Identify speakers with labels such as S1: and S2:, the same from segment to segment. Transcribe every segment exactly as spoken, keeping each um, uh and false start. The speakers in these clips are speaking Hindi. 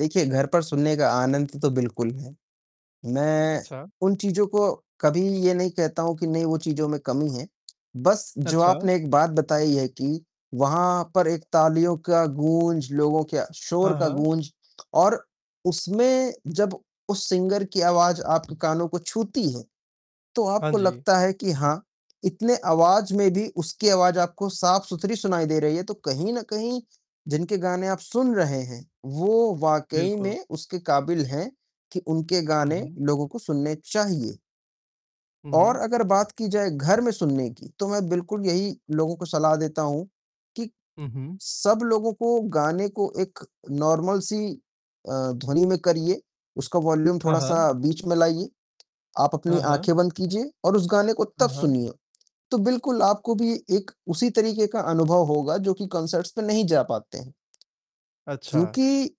S1: देखिए, घर पर सुनने का आनंद तो बिल्कुल है। मैं
S2: अच्छा।
S1: उन चीज़ों को कभी ये नहीं कहता हूँ कि नहीं वो चीज़ों में कमी है। बस जो
S2: अच्छा।
S1: आपने एक बात बताई है कि वहाँ पर एक तालियों का गूँज, लोगों के शोर
S2: हाँ,
S1: का
S2: हाँ।
S1: गूँज और उसमें जब उस सिंगर की आवाज़ आपके कानों को छूती है, तो
S2: हाँ
S1: आपको
S2: जी।
S1: लगता है कि हाँ, इतने आवाज़ में भी उसकी आवाज़ आपको साफ-सुथरी सुनाई दे रही है तो कहीं न कहीं जिनके गाने आप सुन रहे हैं, वो वाक़ई
S2: बिल्कुल।
S1: में उसके काबिल हैं कि उनके
S2: हुँ,
S1: गाने
S2: हुँ।
S1: लोगों को सुनने चाहिए।
S2: हुँ,
S1: और
S2: हुँ।
S1: अगर बात की जाए घर में सुनने की, तो मैं बिल्कुल यही लोगों को सलाह देता हूँ कि,
S2: हुँ, हुँ।
S1: सब लोगों को गाने को एक नॉर्मल सी अ, ध्वनि में करिए। उसका वॉल्यूम
S2: हाँ,
S1: थोड़ा-सा
S2: हाँ।
S1: बीच में लाइए, आप अपनी
S2: हाँ, हाँ।
S1: आँखें बंद कीजिए और उस गाने को
S2: हाँ,
S1: तब
S2: हाँ।
S1: सुनिए। तो बिल्कुल आपको भी एक उसी तरीके का अनुभव होगा जो कि कॉन्सर्ट्स में नहीं जा पाते हैं।
S2: अच्छा!
S1: क्योंकि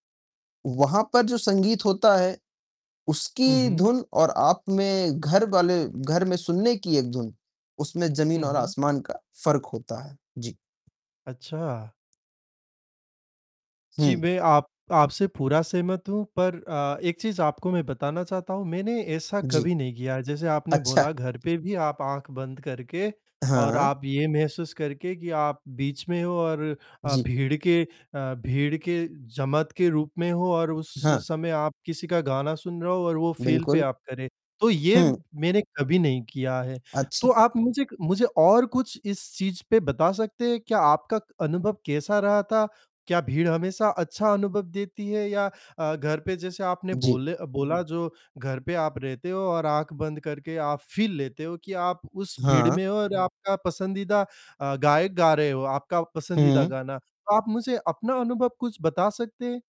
S1: वहाँ पर जो संगीत होता है
S2: हुँ,
S1: उसकी
S2: हुँ।
S1: धुन और आप में घरवाले घर में सुनने की एक धुन उसमें जमीन
S2: हुँ,
S1: और
S2: हुँ।
S1: आसमान का फ़र्क होता है। जी।
S2: अच्छा! जी,
S1: हुँ।
S2: मैं आप आपसे पूरा सहमत हूँ पर अ, एक चीज़ आपको मैं बताना चाहता हूँ। मैंने ऐसा
S1: जी।
S2: कभी नहीं किया, जैसे आपने बोला
S1: अच्छा।
S2: घर पे भी आप आँख बंद करके और
S1: हाँ।
S2: आप ये महसूस करके कि आप बीच में हो और अ,
S1: जी।
S2: भीड़ के अ, भीड़ के जमात के रूप में हो और उस
S1: हाँ।
S2: समय आप किसी का गाना सुन रहे हो और वो फ़ील पे
S1: बिल्कुल।
S2: आप करें। तो ये
S1: हुँ।
S2: मैंने कभी नहीं किया है। तो
S1: अच्छा।
S2: आप मुझे क मुझे और कुछ इस चीज़ पे बता सकते हैं क्या आपका क अनुभव कैसा रहा था? क्या भीड़ हमेशा अच्छा अनुभव देती है या अ, घर पे जैसे आपने
S1: जी।
S2: बोले अ, बोला जो घर पे आप रहते हो और आँख बंद करके आप फ़ील लेते हो कि आप उस भीड़
S1: हाँ।
S2: में हो और आपका पसंदीदा अ, गायक गा रहे हो, आपका पसंदीदा
S1: हुँ।
S2: गाना। आप मुझे अपना अनुभव कुछ बता सकते हैं?